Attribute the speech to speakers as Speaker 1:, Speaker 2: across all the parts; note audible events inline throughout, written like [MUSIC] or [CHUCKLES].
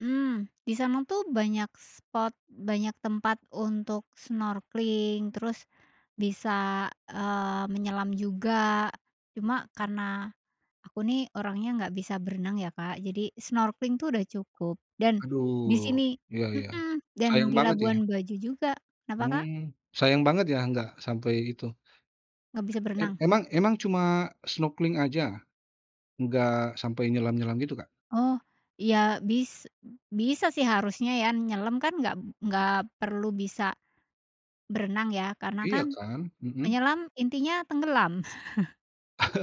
Speaker 1: Mmm, di sana tuh banyak spot, banyak tempat untuk snorkeling terus, bisa, eee, menyelam juga, cuma karena, aku nih orangnya nggak bisa berenang ya Kak, jadi snorkeling tuh udah cukup dan, di
Speaker 2: Aduh
Speaker 1: sini
Speaker 2: iya iya,
Speaker 1: mhm, dan
Speaker 2: sayang
Speaker 1: di
Speaker 2: banget ya.
Speaker 1: Labuan Bajo kenapa Kak?
Speaker 2: Mmm, sayang banget ya nggak sampai itu.
Speaker 1: Enggak bisa
Speaker 2: E e
Speaker 1: berenang?
Speaker 2: emang emang cuma snorkeling aja, enggak sampai nyelam-nyelam gitu Kak?
Speaker 1: Oh, iya bis bisa sih harusnya ya, nyelam kan enggak enggak perlu bisa, berenang ya karena
Speaker 2: Iya
Speaker 1: kan,
Speaker 2: kan. Mhm.
Speaker 1: menyelam intinya tenggelam. [CHUCKLES]
Speaker 2: [LAUGHS]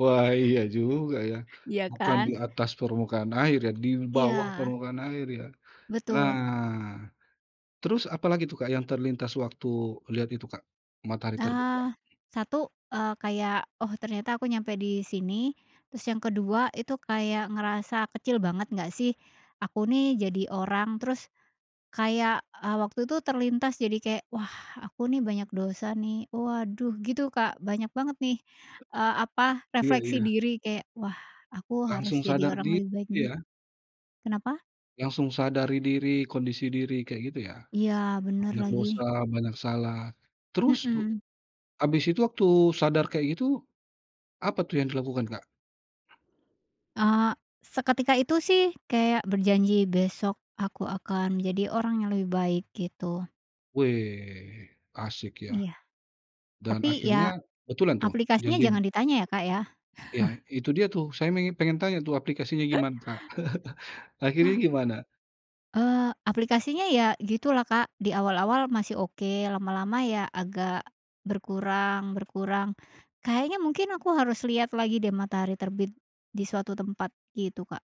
Speaker 2: Wah iya juga ya.
Speaker 1: Iya
Speaker 2: Bukan di
Speaker 1: kan?
Speaker 2: atas permukaan air ya di bawah
Speaker 1: Iya.
Speaker 2: permukaan air ya. Nah,
Speaker 1: Betul.
Speaker 2: terus apalagi itu Kak yang terlintas waktu lihat itu Kak, matahari terbit Kak.
Speaker 1: Eee, satu, eee, kayak oh ternyata aku nyampe di sini, terus yang kedua itu kayak ngerasa kecil banget nggak sih, aku nih jadi orang terus, kayak, eee, waktu itu terlintas jadi kayak wah aku nih banyak dosa nih waduh gitu Kak banyak banget nih, eee, apa
Speaker 2: Iya
Speaker 1: refleksi
Speaker 2: iya.
Speaker 1: diri kayak wah aku harus
Speaker 2: Langsung
Speaker 1: jadi
Speaker 2: sadar
Speaker 1: orang
Speaker 2: diri
Speaker 1: lebih baik nih.
Speaker 2: ya?
Speaker 1: Kenapa?
Speaker 2: Langsung sadari diri, kondisi diri kayak gitu ya,
Speaker 1: Iya bener
Speaker 2: banyak dosa,
Speaker 1: lagi.
Speaker 2: banyak salah, terus he
Speaker 1: Mhm.
Speaker 2: habis itu waktu sadar kayak gitu, apa tuh yang dilakukan Kak?
Speaker 1: Eee, seketika itu sih kayak berjanji besok aku akan jadi orang yang lebih baik gitu.
Speaker 2: Weh asyik ya,
Speaker 1: Iya,
Speaker 2: dan
Speaker 1: tapi ya,
Speaker 2: akhirnya betulan tuh
Speaker 1: aplikasinya
Speaker 2: janjinya?
Speaker 1: jangan ditanya ya Kak ya.
Speaker 2: Iya
Speaker 1: [CHUCKLES]
Speaker 2: itu dia tuh, saya pengen pengen tanya tuh aplikasinya
Speaker 1: [CHUCKLES]
Speaker 2: gimana Kak? [CHUCKLES] Akhirnya gimana?
Speaker 1: Eee, aplikasinya ya gitulah Kak di awal-awal masih oke, lama-lama ya agak, berkurang berkurang, kayaknya mungkin aku harus lihat lagi deh matahari terbit, di suatu tempat gitu Kak.